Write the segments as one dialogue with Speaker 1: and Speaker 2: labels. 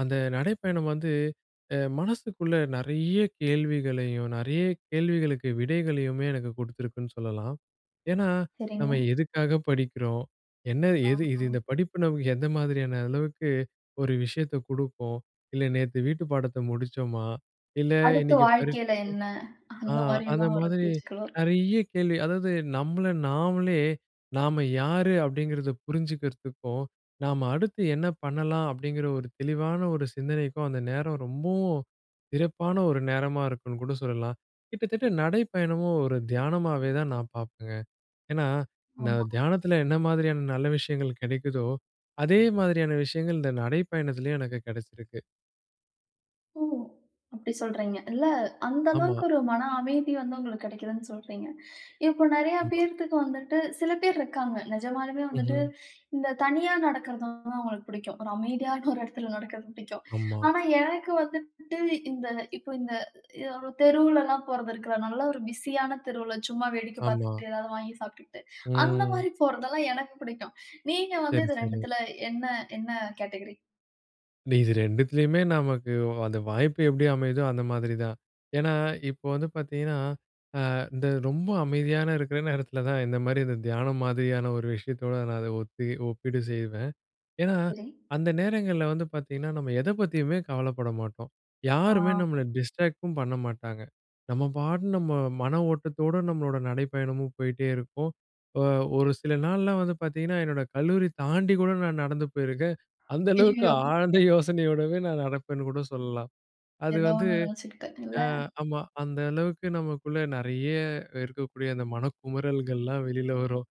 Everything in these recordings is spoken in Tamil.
Speaker 1: அந்த நடைப்பயணம் வந்து, அ மனசுக்குள்ள நெறைய கேள்விகளையும், நெறைய கேள்விகளுக்கு விடைகளையுமே எனக்கு குடுத்திருக்குன்னு சொல்லலாம். ஏன்னா,
Speaker 2: சரிங்க.
Speaker 1: நம்ம எதுக்காக படிக்கிறோம்? என்ன எது இது
Speaker 2: ஆமா.
Speaker 1: இந்த படிப்பு நமக்கு எந்த மாதிரியான அளவுக்கு ஒரு விஷயத்த குடுப்போம்? இல்ல நேத்து வீட்டு பாடத்த முடிச்சோம்மா? இல்ல
Speaker 2: அடுத்து
Speaker 1: இன்னக்கி
Speaker 2: வாழ்க்கையில
Speaker 1: பரீட்சைக்கு
Speaker 2: என்ன?
Speaker 1: ஆ
Speaker 2: அந்த மாதிரி
Speaker 1: அந்த
Speaker 2: எல்லாம் ஒரு
Speaker 1: மாதிரி
Speaker 2: பேச்சுக்கள் வரும்.
Speaker 1: நெறைய கேள்வி. அதாவது நம்மள நாமளே நாம யாரு? அப்பிடிங்கிறத புரிஞ்சுக்கிறதுக்கும், நாம அடுத்து என்ன பண்ணலாம்? அப்பிடிங்கிற ஒரு தெளிவான ஒரு சிந்தனைக்கும் அந்த நேரம் ரொம்பவும் சிறப்பான ஒரு நேரமா இருக்குன்னு கூட சொல்லலாம். கிட்டத்தட்ட நடைப்பயணமும் ஒரு தியானமாவே தான் நான் பார்ப்பேங்க. என்னா, இந்த
Speaker 2: ஆமா.
Speaker 1: தியானத்தில என்ன மாதிரியான நல்ல விஷயங்கள் கிடைக்குதோ, அதே மாதிரியான விஷயங்கள். இந்த நடைப்பயணத்திலயும் எனக்கு கெடச்சிருக்கு!
Speaker 2: ஓ! அப்பிடி சொல்றீங்க, இல்ல. அந்த
Speaker 1: ஆமா.
Speaker 2: அளவுக்கு, ஒரு மன அமைதி வந்து உங்களுக்கு கெடைக்கிதுன்னு சொல்றீங்க. இப்போ நெறைய
Speaker 1: ஆமா.
Speaker 2: பேர்த்து வந்துட்டு சில பேர் இருக்காங்க. நிஜமாலுமே வந்துட்டு,
Speaker 1: ம்ஹ்ம்.
Speaker 2: இந்த தனியா நடக்கிறது வந்து, அவுங்களுக்கு பிடிக்கும். ஒரு அமைதியான ஒரு இடத்தில நடக்கிறது பிடிக்கும்.
Speaker 1: ஆமா.
Speaker 2: ஆனா, எனக்கு வந்துட்டு இந்த இப்ப இந்த அ ஒரு தெருவுலலாம் போறது இருக்கிற நல்ல ஒரு பிசி ஆன தெருவுல சும்மா வேடிக்க
Speaker 1: ஆமா.
Speaker 2: பார்த்துக்கிட்டு எதாவது வாங்கி சாப்பிட்டுக்கிட்டு, அந்த
Speaker 1: ம்.
Speaker 2: மாதிரி போறதெல்லாம் எனக்கு பிடிக்கும். நீங்க வந்து
Speaker 1: சேரி,
Speaker 2: இது
Speaker 1: சேரி.
Speaker 2: 2 துல என்ன? என்ன கேட்டகிரி?
Speaker 1: இது 2 த்துலயுமே நமக்கு அந்த வாய்ப்பு எப்பிடி அமையுதோ, அந்த மாதிரி தான்! என்னா, இப்ப வந்து பாத்தீங்கன்னா, ஆ இந்த ரொம்ப அமைதியான இருக்கிற நேரத்துல தான் இந்த மாரி இந்த தியானம் மாதிரியான ஒரு விஷயத்தோட நான் அத ஒத்தி ஒப்பீடு செய்வேன். என்னா,
Speaker 2: சரி.
Speaker 1: அந்த நேரங்கள்ல வந்து பாத்தீங்கன்னா, நம்ம எத பத்தியுமே கவலைப்பட மாட்டோம்.
Speaker 2: ஆ.
Speaker 1: யாருமே நம்மள டிஸ்ட்ராக்ட்டும் பண்ண மாட்டாங்க. நம்ம பாட்டுக்கு, நம்ம மன ஓட்டத்தோட நம்மளோட நடைப்பயணமும் போயிட்டே இருக்கும். அ ஒரு சில நாள்லாம் வந்து பாத்தீங்கன்னா, என்னோட கல்லூரி தாண்டி கூட, நான் நடந்து போயிருக்கன். அந்த அளவுக்கு
Speaker 2: அய்யயோ!
Speaker 1: ஆழ்ந்த யோசனையோடவே நான் நடப்பேன்னு கூட சொல்லலாம். அது
Speaker 2: எதோ
Speaker 1: வந்து
Speaker 2: ஒண்ணு நினைச்சிக்கிட்டு, இல்ல?
Speaker 1: ஆ ஆமா, அந்த அளவுக்கு நமக்குள்ள நெறைய இருக்கக்கூடிய அந்த மனக்குமறல்கள்லாம் வெளில வரும்.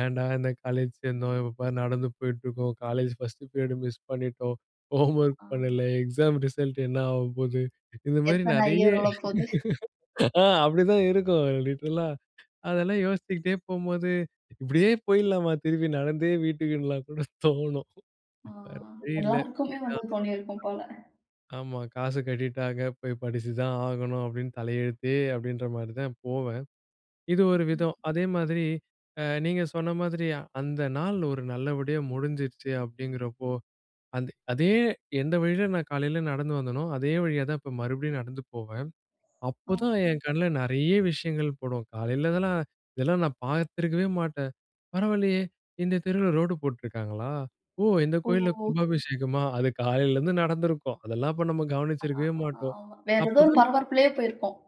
Speaker 1: ஏன்டா! இந்த காலேஜ் சேர்ந்தோம்? இப்ப பாரு நடந்து போயிட்டு இருக்கோம். காலேஜ் ஃபர்ஸ்ட் பீரியட் மிஸ் பண்ணிட்டோம். ஹோம்வொர்க்
Speaker 2: ஆ.
Speaker 1: பண்ணல, எக்ஸாம் ரிசல்ட் என்ன ஆக போது, இந்த மாதிரி
Speaker 2: எத்தன
Speaker 1: நெறைய,
Speaker 2: அரியர் விழ போது?
Speaker 1: ஆ அப்பிடிதான் இருக்கும். லிட்டரல் -ஆ, அதெல்லாம் யோசிச்சுகிட்டே போம்போது, இப்பிடியே போயிட்லாமா திருப்பி நடந்தே வீட்டுக்குன்லாம் கூட தோணும்.
Speaker 2: ஆ!
Speaker 1: வேற வழி இல்ல
Speaker 2: எல்லாருக்குமே, வந்து
Speaker 1: [unintelligible]
Speaker 2: தோணியிருக்கும் போல!
Speaker 1: ஆமா. காசு கட்டிட்டாங்க, போய் படிச்சு தான் ஆகணும் அப்பிடின்னு தலையெழுத்தே அப்பிடின்றமாரி தான் போவன். இது ஒரு
Speaker 2: ம்.
Speaker 1: விதம்! அதே மாதிரி நீங்க ஆ சொன்ன மாதிரி, அந்தநாள் ஒரு நல்லபடியா முடிஞ்சுருச்சு அப்பிடிங்கிறப்போ! அந்த அதே எந்த வழில நான் காலையில நடந்து வந்தோனோ, அதே வழியா தான் இப்ப மறுபடியும் நடந்து போவன்.
Speaker 2: ஆ!
Speaker 1: அப்பதான், என் கண்ல நெறைய விஷயங்கள் படும். காலையில இதெல்லாம், இதெல்லாம் நான் பார்த்திருக்கவே மாட்டேன். பரவாயில்லயே! இந்த தெருவுல ரோடு போட்டிருக்காங்களா? ஓ! இந்த கோயில்ல
Speaker 2: ஓ!
Speaker 1: கும்பாபிஷேகமா! அது காலையிலேருந்து நடந்திருக்கும், அதெல்லாம் இப்ப நம்ம
Speaker 2: அதான்,
Speaker 1: கவனிச்சிருக்கவே
Speaker 2: அதான்,
Speaker 1: மாட்டோம்.
Speaker 2: ஆமா! வேற எதோ ஒரு
Speaker 1: அப்பதான்
Speaker 2: பரபரப்புலே போயிருப்போம்.